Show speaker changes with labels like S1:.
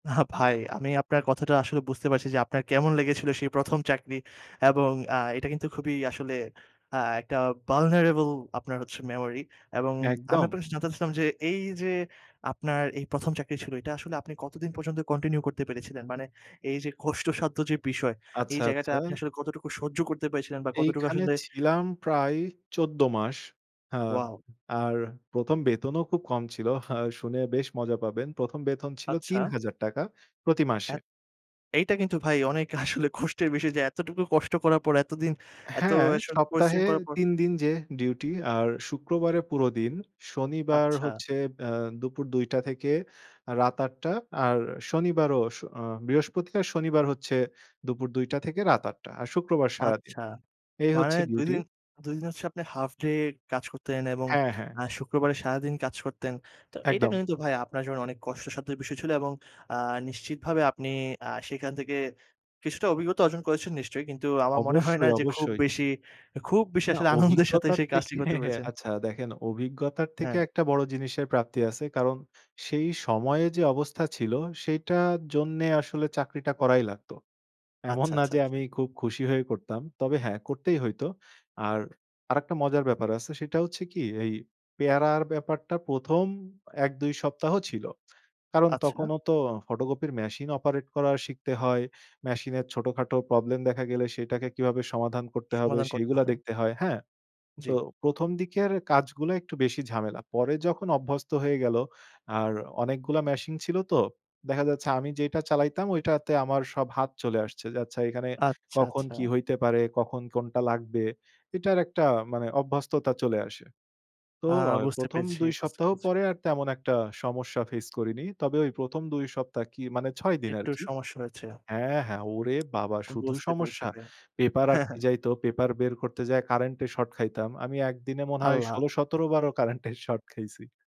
S1: না ভাই আমি আপনার কথাটা আসলে বুঝতে পারছি, যে আপনার কেমন লেগেছিল সেই ১ম চাকরি এবং আ এটা কিন্তু খুবই আসলে আ একটা ভালনারেবল আপনার হচ্ছে মেমোরি এবং আমি
S2: একদম।
S1: আপনার কাছে জানতে চাইছিলাম যে এইযে আপনার এই ১ম চাকরি ছিল এটা আসলে আপনি কতদিন পর্যন্ত কন্টিনিউ করতে পেরেছিলেন? মানে এইযে কষ্টসাধ্য যে বিষয় এই
S2: আচ্ছা,
S1: জায়গাটা
S2: আচ্ছা।
S1: আপনি আসলে কতটুকু সহ্য করতে পেরেছিলেন বা কতটুকু
S2: এইখানে
S1: আসলে
S2: ছিলাম প্রায় ১৪ মাস। হ্যাঁ
S1: ওয়াও!
S2: আর ১ম বেতনও খুব কম ছিল। আ শুনে বেশ মজা পাবেন। ১ম বেতন ছিল তিন
S1: আচ্ছা।
S2: হাজার টাকা প্রতি
S1: অ্যা
S2: মাসে।
S1: এইটা কিন্তু ভাই অনেকে আসলে কষ্টের বিষয় যে এতটুকু কষ্ট করার পর এতদিন এত
S2: হ্যাঁ,
S1: আসলে পরিশ্রম
S2: সপ্তাহে
S1: করার পর
S2: ৩ দিন যে ডিউটি আর শুক্রবারে পুরো দিন। শনিবার
S1: আচ্ছা।
S2: হচ্ছে অ্যা দুপুর ২ঃ০০ থেকে রাত ৮ঃ০০ আর শনিবারও স অ বৃহস্পতিবার, শনিবার হচ্ছে দুপুর ২ঃ০০ থেকে রাত ৮ঃ০০ আর শুক্রবার সারাদিন।
S1: আচ্ছা।
S2: এই
S1: মানে
S2: হচ্ছে
S1: ২
S2: ডিউটি।
S1: দিন, ২ দিন হচ্ছে আপনি হাফডে কাজ করতেন এবং
S2: হ্যাঁ, হ্যাঁ।
S1: অ্যা শুক্রবারে সারাদিন কাজ করতেন। তো এটা
S2: একদম।
S1: কিন্তু ভাই আপনার জন্য অনেক কষ্টসাধ্য বিষয় ছিল এবং আ নিশ্চিতভাবে আপনি আ সেখান থেকে কিছুটা অভিজ্ঞতা অর্জন করেছেন নিশ্চয়ই। কিন্তু আমার মনে হয় না
S2: অবশ্যই,
S1: যে খুব
S2: অবশ্যই।
S1: বেশি। খুব বেশি
S2: না
S1: আসলে আনন্দের সাথে
S2: অভিজ্ঞতার
S1: সেই কাজটি
S2: থেকে
S1: করতে পেরেছেন।
S2: আচ্ছা দেখেন অভিজ্ঞতার থেকে
S1: হ্যাঁ।
S2: একটা বড় জিনিসের প্রাপ্তি আছে কারণ সেই সময়ে যে অবস্থা ছিল সেইটার জন্যে আসলে চাকরিটা করাই লাগত। এমন
S1: আচ্ছা,
S2: না
S1: আচ্ছা,
S2: যে
S1: আচ্ছা।
S2: আমি খুব খুশি হয়ে করতাম। তবে হ্যাঁ করতেই হইতো। আর আরেকটা মজার ব্যাপার আছে সেটা হচ্ছে কি এই পেয়ারার ব্যাপারটা ১ম ১ ২ সপ্তাহ ছিল। কারণ
S1: আচ্ছা।
S2: তখনও তো ফটোকপির মেশিন অপারেট করা শিখতে হয়। মেশিনের ছোটখাটো প্রবলেম দেখা গেলে সেটাকে কিভাবে সমাধান করতে হবে
S1: সমাধান করতে
S2: সেইগুলা
S1: হয়।
S2: দেখতে হয়। হ্যাঁ? তো
S1: জ্বী।
S2: ১ম দিকের কাজগুলা একটু বেশি ঝামেলা। পরে যখন অভ্যস্ত হয়ে গেল আর অনেকগুলা মেশিন ছিল তো। দেখা যাচ্ছে আমি যেইটা চালাইতাম ঐটাতে আমার সব হাত চলে আসছে। যে আচ্ছা এখানে
S1: আচ্ছা,
S2: কখন
S1: আচ্ছা।
S2: কী হইতে পারে, কখন কোনটা লাগবে। এটার একটা মানে অভ্যস্ততা চলে আসে। তো
S1: আ
S2: আ
S1: বুঝতে
S2: ১ম
S1: পেরেছি
S2: ২
S1: বুঝতে
S2: সপ্তাহ
S1: পেরেছি।
S2: পরে আর তেমন একটা সমস্যা ফেস করিনি। তবে ওই ১ম ২ সপ্তাহ কি মানে ৬ দিন
S1: একটু
S2: আরকি
S1: সমস্যা হয়েছে।
S2: হ্যাঁ, হ্যাঁ, ওরে বাবা শুধু
S1: বুঝতে পেরেছি
S2: সমস্যা!
S1: ভাই।
S2: পেপার আটকে যাইত, পেপার বের করতে যাই কারেন্টের শর্ট খাইতাম। আমি ১ দিনে মনে হয়
S1: আল্লাহ!
S2: ১৬-১৭ বারও কারেন্টের শর্ট খাইছি।